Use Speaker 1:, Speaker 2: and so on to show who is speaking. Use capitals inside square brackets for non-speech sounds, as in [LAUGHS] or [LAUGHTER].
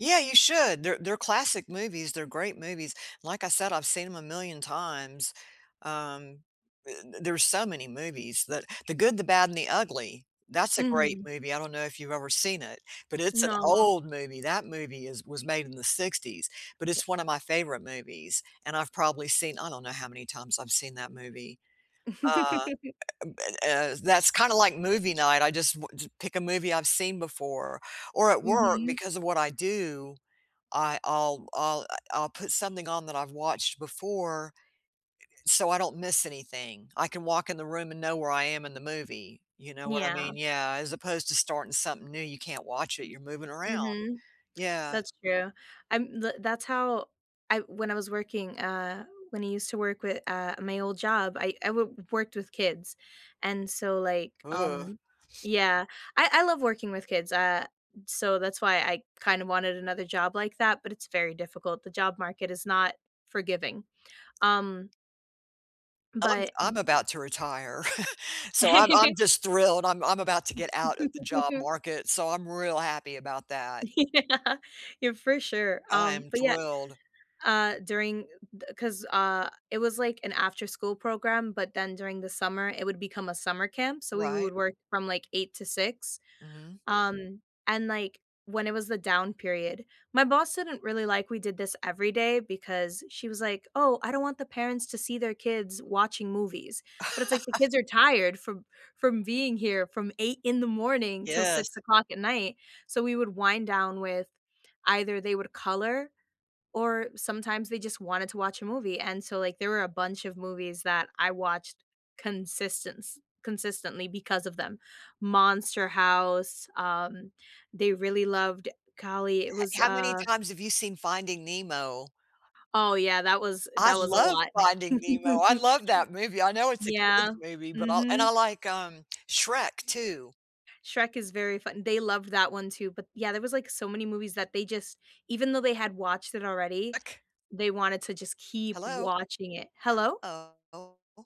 Speaker 1: Yeah, you should, they're they're classic movies, they're great movies, like I said, I've seen 'em a million times, um, i d there's so many movies, that The Good, The Bad, and The Ugly, that's a great
Speaker 2: Mhm.
Speaker 1: movie, I don't know if you've ever seen it, but it's an
Speaker 2: Nah.
Speaker 1: old movie, that movie is was made in the '60s, but
Speaker 2: Ye
Speaker 1: it's one of my favorite movies, and I've probably seen I don't know how many times I've seen that movie, uh
Speaker 2: [CHUCKLES]
Speaker 1: eh, uh, b a that's kinda like movie night, I just w ju pick a movie I've seen before or at work,
Speaker 2: Mhm.
Speaker 1: because of what I do, I I'll I'll, uh, I'll put something on that I've watched before, i i so I don't miss anything. I can walk in the room and know where I am in the movie, you know what I
Speaker 2: Yeah.
Speaker 1: mean? Yeah, as opposed to starting something new, you can't watch it, you're moving around.
Speaker 2: Mhm.
Speaker 1: Yeah.
Speaker 2: That's true. I'm the that's how I when I was working, uh when I used to work with, uh, my old job, I I wo w worked with kids, and so, like,
Speaker 1: Ugh.
Speaker 2: um
Speaker 1: [SNIFFS]
Speaker 2: Yeah, I I love working with kids, uh, so that's why I kinda wanted another job like that, but it's very difficult, the job market is not forgiving, um
Speaker 1: Um,
Speaker 2: but
Speaker 1: I'm about to retire, [CHUCKLES] so I'm I'm
Speaker 2: [LAUGHS]
Speaker 1: just thrilled I'm I'm about to get out of the job
Speaker 2: [LAUGHS]
Speaker 1: market, so I'm real happy about
Speaker 2: [LAUGHS]
Speaker 1: that.
Speaker 2: Yeah. Yeah, for sure,
Speaker 1: I
Speaker 2: um,
Speaker 1: am
Speaker 2: but, yeah,
Speaker 1: thrilled.
Speaker 2: uh, during, uh, th 'Cause, uh, it was, like, an after-school program, but then during the summer, it would become a summer camp, so we
Speaker 1: Right.
Speaker 2: would work from like 8:00 to 6:00,
Speaker 1: Mhm.
Speaker 2: um, and, like, when it was the down period My boss didn't really like we did this every day because she was like, "Oh, I don't want the parents to see their kids' watching movies," but it's like the
Speaker 1: [LAUGHS]
Speaker 2: kids are tired from from being here from 8:00 in the morning till six
Speaker 1: Yes.
Speaker 2: o'clock at night, so we would wind down with either they would color or sometimes they just wanted to watch a movie, and so, like, there were a bunch of movies that I watched consistence consistently because of them; Monster House, um, they really loved, golly, it
Speaker 1: He
Speaker 2: was,
Speaker 1: how many
Speaker 2: uh
Speaker 1: times have you seen Finding Nemo?
Speaker 2: Oh yeah, that was
Speaker 1: I
Speaker 2: that was a
Speaker 1: love
Speaker 2: lot.
Speaker 1: Finding Nemo, I
Speaker 2: [LAUGHS]
Speaker 1: love that movie, I know it's a kid's
Speaker 2: Yeah.
Speaker 1: movie, but I'll and I
Speaker 2: Mhm.
Speaker 1: like, um, Shrek too.
Speaker 2: Shrek is very fun they loved that one too, but, yeah, there was, like, so many movies that they just even though they had watched it already,
Speaker 1: Ek
Speaker 2: they wanted to just keep
Speaker 1: Hello?
Speaker 2: watching it Hello?
Speaker 1: Uh-oh Oh